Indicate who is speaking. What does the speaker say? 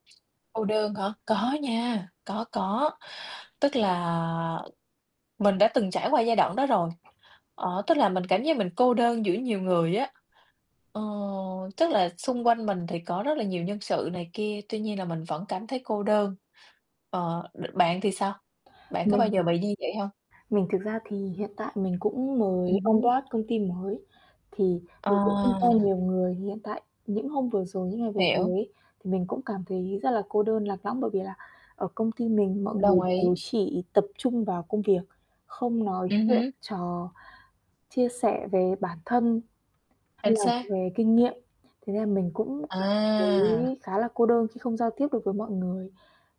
Speaker 1: Cô đơn hả? Có nha, có, có, tức là mình đã từng trải qua giai đoạn đó rồi, ờ, tức là mình cảm giác mình cô đơn giữa nhiều người á, ờ, tức là xung quanh mình thì có rất là nhiều nhân sự này kia, tuy nhiên là mình vẫn cảm thấy cô đơn. Ờ, đ bạn thì sao? Bạn có bao
Speaker 2: Mình
Speaker 1: giờ bị như vậy hông?
Speaker 2: Mình thực ra thì hiện tại mình cũng mới
Speaker 1: Ừm
Speaker 2: on
Speaker 1: hứm.
Speaker 2: board công ty mới, thì
Speaker 1: Ờ.
Speaker 2: mình cũng không quen nhiều người hiện tại. Những hôm vừa rồi, những ngày vừa rồi
Speaker 1: Hiểu.
Speaker 2: ấy, thì mình cũng cảm thấy rất là cô đơn, lạc lõng, bởi vì là ở công ty mình mọi người
Speaker 1: Đồng
Speaker 2: đều
Speaker 1: ý.
Speaker 2: chỉ tập trung vào công việc, không nói
Speaker 1: Ừm
Speaker 2: chuyện
Speaker 1: hứm.
Speaker 2: trò, chia sẻ về bản thân hay
Speaker 1: Chính
Speaker 2: là
Speaker 1: xác.
Speaker 2: về kinh nghiệm, thế nên là mình cũng cảm
Speaker 1: À.
Speaker 2: thấy khá là cô đơn khi không giao tiếp được với mọi người.